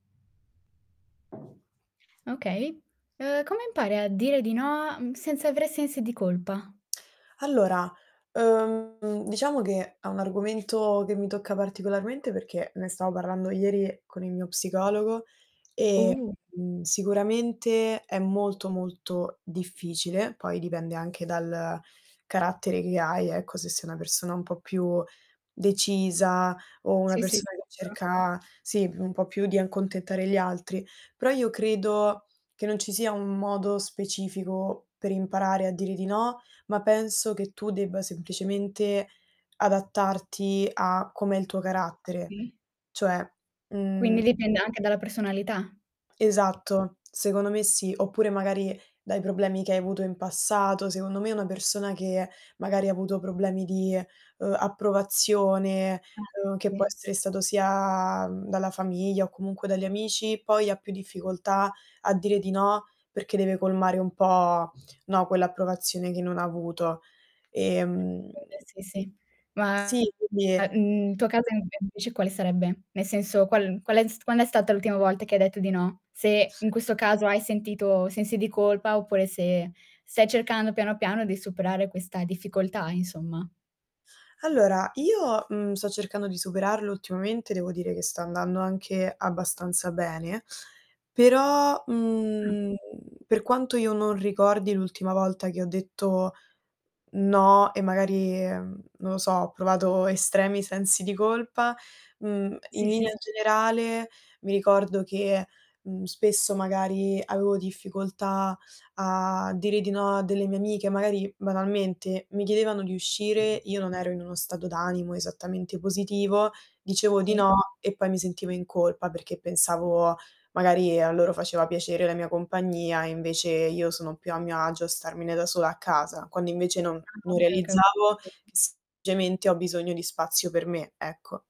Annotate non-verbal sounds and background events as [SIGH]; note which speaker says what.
Speaker 1: Okay, ehm, come impari a dire di no, mhmm, senza aver sensi di colpa?
Speaker 2: Allora, ehm, diciamo che, è un argomento che mi tocca particolarmente perché, ne stavo parlando ieri con il mio psicologo e,
Speaker 1: Uh!
Speaker 2: uhm, sicuramente è molto, molto difficile poi dipende anche dal carattere che hai ecco, se sei una persona un po' più decisa o una
Speaker 1: Sì sì,
Speaker 2: persona che
Speaker 1: sicura
Speaker 2: cerca, sì, un po' più di accontentare gli altri; però io credo che non ci sia un modo specifico per imparare a dire di no, ma penso che tu debba semplicemente adattarti a com'è il tuo carattere.
Speaker 1: Sì.
Speaker 2: Cioè,
Speaker 1: Quindi
Speaker 2: mhmm
Speaker 1: dipende anche dalla personalità.
Speaker 2: Esatto, secondo me sì, oppure magari dai problemi che hai avuto in passato, secondo me una persona che magari avuto problemi di, ehm, approvazione,
Speaker 1: Eh,
Speaker 2: ehm, che può
Speaker 1: sì.
Speaker 2: essere stato sia, mhmm, dalla famiglia o comunque dagli amici, poi ha più difficoltà a dire di no, perché deve colmare un po', no, quell'approvazione che non avuto,
Speaker 1: [UNINTELLIGIBLE]
Speaker 2: ehm
Speaker 1: Sì sì. Ma
Speaker 2: sì, quindi
Speaker 1: mhmm, il tuo caso invece quale sarebbe? Nel senso qual qual è quando è stata l'ultima volta che hai detto di no? Se in questo caso hai sentito sensi di colpa oppure se stai cercando piano piano di superare questa difficoltà insomma.
Speaker 2: Allora io, ehm, sto cercando di superarlo ultimamente, devo dire che sta andando anche abbastanza bene, però,
Speaker 1: Mh.
Speaker 2: mhmm, per quanto io non ricordi l'ultima volta che ho detto no, e magari, mhmm, non lo so, ho provato estremi sensi di colpa, uhm, in
Speaker 1: Sì, sì,
Speaker 2: linea
Speaker 1: s
Speaker 2: generale mi ricordo che, uhm, spesso magari avevo difficoltà a dire di no a delle mie amiche, magari banalmente mi chiedevano di uscire, io non ero in uno stato d'animo esattamente positivo, dicevo di
Speaker 1: Sì.
Speaker 2: no e poi mi sentivo in colpa, perché pensavo magari a loro faceva piacere la mia compagnia, e invece io sono più a mio agio a starmene da sola a casa. Quando invece non
Speaker 1: Ah,
Speaker 2: non
Speaker 1: ok, ok,.
Speaker 2: realizzavo
Speaker 1: [UNINTELLIGIBLE]
Speaker 2: che semplicemente ho bisogno di spazio per me, ecco.